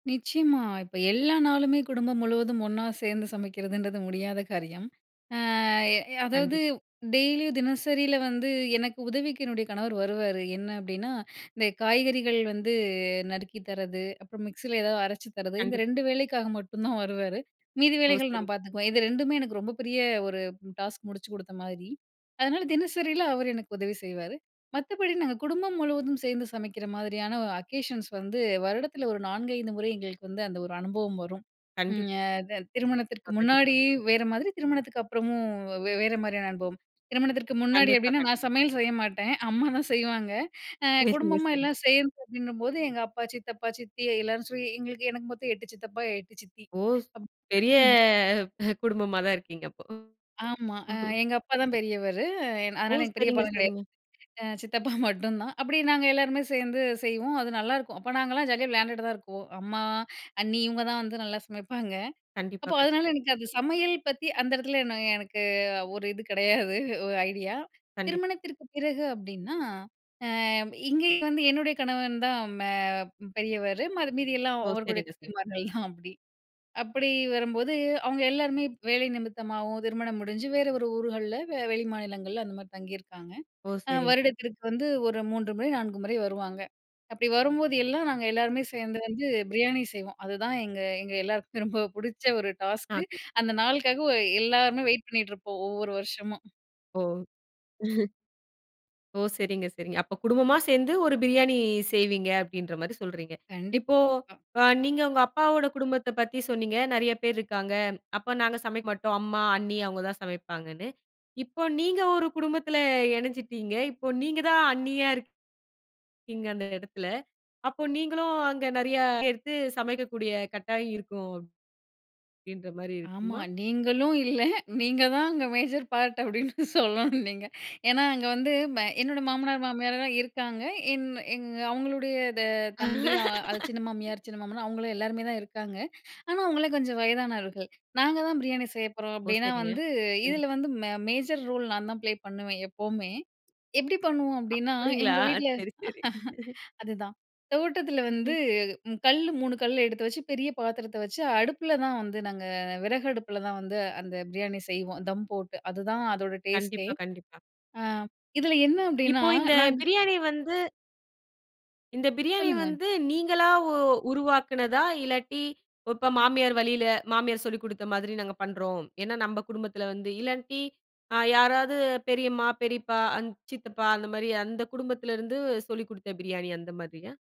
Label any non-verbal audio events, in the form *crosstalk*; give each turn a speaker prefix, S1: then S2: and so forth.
S1: நிச்சயமா, இப்ப எல்லா நாளுமே குடும்பம் முழுவதும் ஒண்ணா சேந்து சமைக்கிறதுன்றது முடியாத காரியம். அ எ அதாவது
S2: கண்டிப்
S1: டெய்லியும், தினசரில வந்து எனக்கு உதவிக்கு என்னுடைய கணவர் வருவாரு. என்ன அப்டின்னா, இந்த காய்கறிகள் வந்து நறுக்கி தர்றது, அப்புறம் மிக்ஸில ஏதாவது அரைச்சு தர்றது இந்த
S2: கண்டிப்
S1: 2 வேலைக்காக மட்டும் தான் வருவாரு. மீதி
S2: ஓ!
S1: வேலைகள்
S2: சரி.
S1: நான் பாத்துக்குவேன். இது 2மே எனக்கு ரொம்ப பெரிய ஒரு ம் டாஸ்க் முடிச்சு குடுத்த மாதிரி. அதனால தினசரியில அவர் எனக்கு உதவி செய்வாரு. மத்தபடி நாங்க குடும்பம் முழுவதும் சேர்ந்து சமைக்கிற மாதிரியான அக்கேஷன்ஸ் வந்து, வருடத்தில ஒரு 4, 5 முறை எங்களுக்கு வந்து அந்த ஒரு அனுபவம் வரும். ம்
S2: கண்டிப்
S1: ய த திருமணத்திற்கு
S2: *unintelligible* கண்டிப்பா.
S1: முன்னாடி வேற மாதிரி, திருமணத்துக்கு அப்புறமும் வே வேற மாரியான அனுபவம். திருமணத்திற்கு முன்னாடி
S2: கண்டிப்பா,
S1: எப்டின்னா,
S2: கண்
S1: நான் சமையல் செய்ய மாட்டேன். அம்மாதான் செய்வாங்க. அ
S2: *unintelligible*
S1: குடும்பமா
S2: சரி.
S1: எல்லாம் சேர்ந்து அப்டின்னும்போது, எங்க அப்பா, சித்தப்பா, சித்தி எல்லாரும் *unintelligible* எங்களுக்கு எனக்கு மொத்தம் 8 சித்தப்பா 8 சித்தி.
S2: ஓ! ஸ்
S1: அப்
S2: பெரிய
S1: *chuckles*
S2: குடும்பமாதான் இருக்கீங்க அப்போ.
S1: ஆமா. அ எங்க அப்பா தான் பெரியவரு. என்
S2: ஓ!
S1: அதனால எங்க
S2: சரிங்க
S1: பெரியப்பாலாம் கெடையாது.
S2: சரிங்க.
S1: அ சித்தப்பா மட்டும்தான். அப்டி நாங்க எல்லோருமே சேந்து செய்வோம். அது நல்லாருக்கும். அப்போ நாங்கலாம் ஜாலியா விளையாண்டுட்டு தான் இருக்குவோம். அம்மா, அண்ணி, இவுங்க தான் வந்து நல்லா சமைப்பாங்க.
S2: கண்டிப்பா
S1: அப்போ
S2: கண்
S1: அதனால எனக்கு அது சமையல் பத்தி அந்த எடத்துல நான் எனக்கு ஒரு இது கிடையாது 1 ஐடியா.
S2: கண்டிப்
S1: திருமணத்திற்கு பிறகு அப்டின்னா, அ இங்கேயும் வந்து என்னுடைய கணவன் தான் மே பெரியவரு. மரு மீதி எல்லாம்
S2: ஓ
S1: அவருடைய
S2: சரிங்க சரிங்க.
S1: தம்பிமார்கள் தான் அப்டி. அப்படி வரும்போது, அவுங்க எல்லாருமே வேலை நிமித்தமாவும், திருமணம் முடிஞ்சு, வேற ஒரு ஊர்கள்ல வெளி மாநிலங்கள்ல அந்த மாரி தங்கியிருக்காங்க.
S2: ஓ!
S1: அ
S2: சரி.
S1: வருடத்திற்கு வந்து ஒரு 3 முறை, 4 முறை வருவாங்க. அப்படி வரும்போது, எல்லாம் நாங்க எல்லாருமே சேந்து வந்து பிரியாணி செய்வோம். அதுதான் எங்க எங்க எல்லாருக்கும் ரொம்ப புடிச்ச 1
S2: ஆ.
S1: டாஸ்க்கு. அந்த நாளுக்காகவே எல்லாருமே வெயிட் பண்ணிகிட்டு இருப்போம் ஒவ்வொரு வருஷமும்.
S2: ஓ! *chuckles* ஓ! சரிங்க சரிங்க. அப்போ குடும்பமா சேந்து ஒரு பிரியாணி செய்வீங்க, அப்டின்ற மாரி சொல்றீங்க.
S1: கண்டிப்
S2: இப்போ
S1: பா
S2: அ நீங்க உங்க அப்பாவோட குடும்பத்தைப் பத்தி சொன்னீங்க. நெறைய பேர் இருக்காங்க. அப்ப நாங்க சமைக்க மாட்டோம். அம்மா, அண்ணி அவுங்க தான் சமைப்பாங்கன்னு. இப்போ நீங்க ஒரு குடும்பத்தில இணஞ்சுட்டீங்க. இப்போ நீங்க தான் அண்ணியா இருக் கீங்கன்ற எடத்தில அப்போ நீங்களும் அங்க நெறைய எடுத்து சமைக்கக்கூடிய கட்டாயம் இருக்கும். அப்டின்ற மாரி
S1: ஆமா
S2: இருக்குமா?
S1: நீங்களும் இல்ல நீங்க தான் அங்கே மேஜர் பார்ட் அப்படின்னு சொல்லணும் நீங்க. ஏன்னா அங்க வந்து, என்னோட மாமனார் மாமியார்லாம் இருக்காங்க. என் எங்க அவுங்களுடைய தெ தம்பி, அ அது சின்ன
S2: *laughs*
S1: மாமியார், சின்ன மாமனார் அவங்களும், எல்லாருமே தான் இருக்காங்க. ஆனா அவுங்க கொஞ்சம் வயதானவர்கள். "நாங்க தான் பிரியாணி செய்ய போறோம்."
S2: ஓ!
S1: அப்டின்னா
S2: சரிங்க,
S1: வந்து,
S2: கண்டிப்
S1: இதில வந்து மெ மேஜர் ரோல் நான் தான் ப்ளே பண்ணுவேன் எப்பவுமே. எப்டி பண்ணுவோம் அப்டின்னா,
S2: அப்டிங்களா?
S1: எங்க வீட்ல
S2: சரி சரி.
S1: *laughs* அதுதான். தோட்டத்தில வந்து,
S2: *chuckles*
S1: ம் கல்லு 3 கல்லு எடுத்து வச்சு, பெரிய பாத்திரத்த வச்சு அடுப்பில தான் வந்து நாங்க விறகு அடுப்பில தான் வந்து அந்த பிரியாணி செய்வோம், தம் போட்டு. அதுதான் அதோட டேஸ்ட்டே.
S2: கண்டிப்பா கண்டிப்பா.
S1: ஆ இதில என்ன அப்டின்னா,
S2: இப்போ இந்த
S1: நாங்க
S2: பிரியாணி வந்து இந்த பிரியாணி
S1: சொல்லுங்க.
S2: வந்து நீங்களா உ உருவாக்குனதா, இல்லாட்டி, இப்போ மாமியார் வழியில மாமியார் சொல்லிக் குடுத்த மாதிரி நாங்க பண்றோம். ஏன்னா, நம்ப குடும்பத்தில வந்து இல்லாட்டி அ யாராவது பெரியம்மா, பெரியப்பா, அந் சித்தப்பா அந்த மாரி அந்த குடும்பத்துலருந்து, சொல்லிக் குடுத்த பிரியாணி அந்த மாதிரியா?